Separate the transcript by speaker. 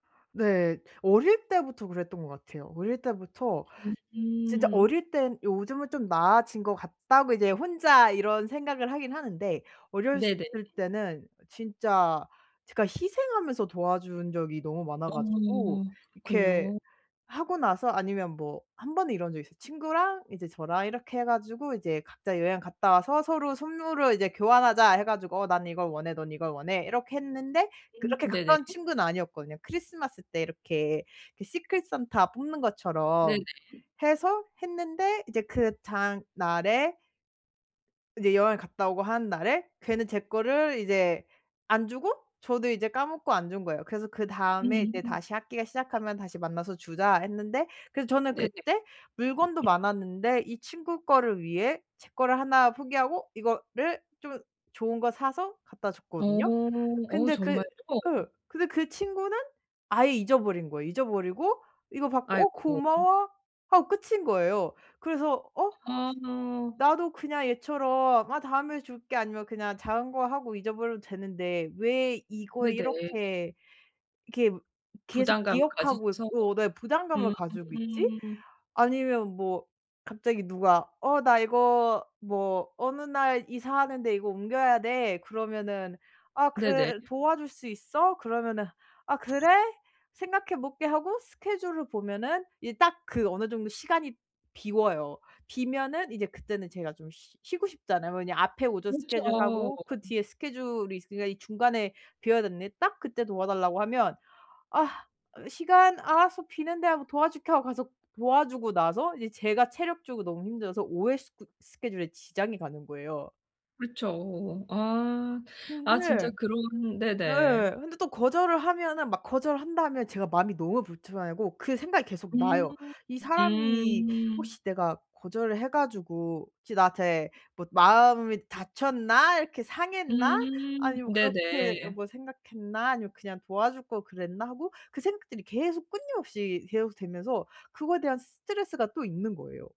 Speaker 1: 네. 어릴 때부터 그랬던 것 같아요. 어릴 때부터 진짜
Speaker 2: 음.
Speaker 1: 어릴 땐 요즘은 '좀 나아진 것 같다.'고 이제 혼자 이런 생각을 하긴 하는데 어렸을
Speaker 2: 네네.
Speaker 1: 때는 진짜 제가 희생하면서 도와준 적이 너무 많아 가지고
Speaker 2: 어.
Speaker 1: 이렇게
Speaker 2: 그렇군요.
Speaker 1: 하고 나서 아니면 뭐 한번은 이런 적이 있어요. 친구랑 이제 저랑 이렇게 해 가지고 이제 "각자 여행 갔다 와서 서로 선물을 이제 교환하자." 해 가지고 "난 이걸 원해, 넌 이걸 원해." 이렇게 했는데
Speaker 2: 음
Speaker 1: 그렇게
Speaker 2: 네네.
Speaker 1: 가까운 친구는 아니었거든요. 크리스마스 때 이렇게 그 시크릿 산타 뽑는 것처럼
Speaker 2: 네네.
Speaker 1: 해서 했는데 이제 그 다음날에 이제 여행을 갔다 오고 하는 날에 걔는 제 거를 이제 안 주고 저도 이제 까먹고 안 준 거예요. 그래서 그다음에 이제
Speaker 2: 음.
Speaker 1: "다시 학기가 시작하면 다시 만나서 주자." 했는데 그래서 저는
Speaker 2: 네네.
Speaker 1: 그때 물건도 많았는데 이 친구 거를 위해 제 거를 1 포기하고 이거를 좀 좋은 거 사서 갖다
Speaker 2: 어.
Speaker 1: 줬거든요.
Speaker 2: 어
Speaker 1: 근데 그
Speaker 2: 정말요?
Speaker 1: 그 근데 그 친구는 아예 잊어버린 거예요. 잊어버리고 이거 받고 "어
Speaker 2: 아이고. 음.
Speaker 1: 고마워." 하고 끝인 거예요. 그래서 '어?
Speaker 2: 아.
Speaker 1: 나도 그냥 얘처럼 "아 다음에 줄게." 아니면 그냥 작은 거 하고 잊어버려도 되는데 왜 이거에
Speaker 2: 네네.
Speaker 1: 이렇게 이렇게 계속
Speaker 2: 부담감을
Speaker 1: 기억하고
Speaker 2: 가지면서.
Speaker 1: 있고 나의 부담감을 가지고 있지?'
Speaker 2: 음.
Speaker 1: 아니면 뭐 갑자기 누가 "어 나 이거 뭐 어느 날 이사하는데 이거 옮겨야 돼." 그러면은 "아
Speaker 2: 네네.
Speaker 1: 그래, 도와줄 수 있어?" 그러면은 "아 그래? 생각해 볼게." 하고 스케줄을 보면은 이게 딱 그 어느 정도 시간이 비어요.
Speaker 2: 네.
Speaker 1: 비면은 이제 그때는 제가 좀 쉬 쉬고 싶잖아요. 왜냐면 앞에 오전 스케줄
Speaker 2: 그렇죠.
Speaker 1: 하고 그 뒤에 스케줄이 있으니까 이 중간에 비어져 있는데 딱 그때 도와달라고 하면 "아 시간? 알았어. 비는데." 하고 "도와줄게." 하고 가서 도와주고 나서 이제 제가 체력적으로 너무 힘들어서 오후에 스 그 스케줄에 지장이 가는 거예요.
Speaker 2: 그렇죠.
Speaker 1: 아
Speaker 2: 아.
Speaker 1: 근데
Speaker 2: 아 진짜 그런
Speaker 1: 네.
Speaker 2: 네네.
Speaker 1: 근데 또 거절을 하면은 막 거절을 한다 하면 제가 마음이 너무 불편 하고 그 생각이 계속
Speaker 2: 음.
Speaker 1: 나요. '이 사람이
Speaker 2: 음.
Speaker 1: 혹시 내가 거절을 해 가지고 혹시 나한테 뭐 마음이 닫혔나? 이렇게 상했나?'
Speaker 2: 음.
Speaker 1: 아니면 '그렇게
Speaker 2: 네네.
Speaker 1: 뭐 생각했나?' 아니면 '그냥 도와줄 걸 그랬나?' 하고 그 생각들이 계속 끊임없이 계속되면서 그거에 대한 스트레스가 또 있는 거예요.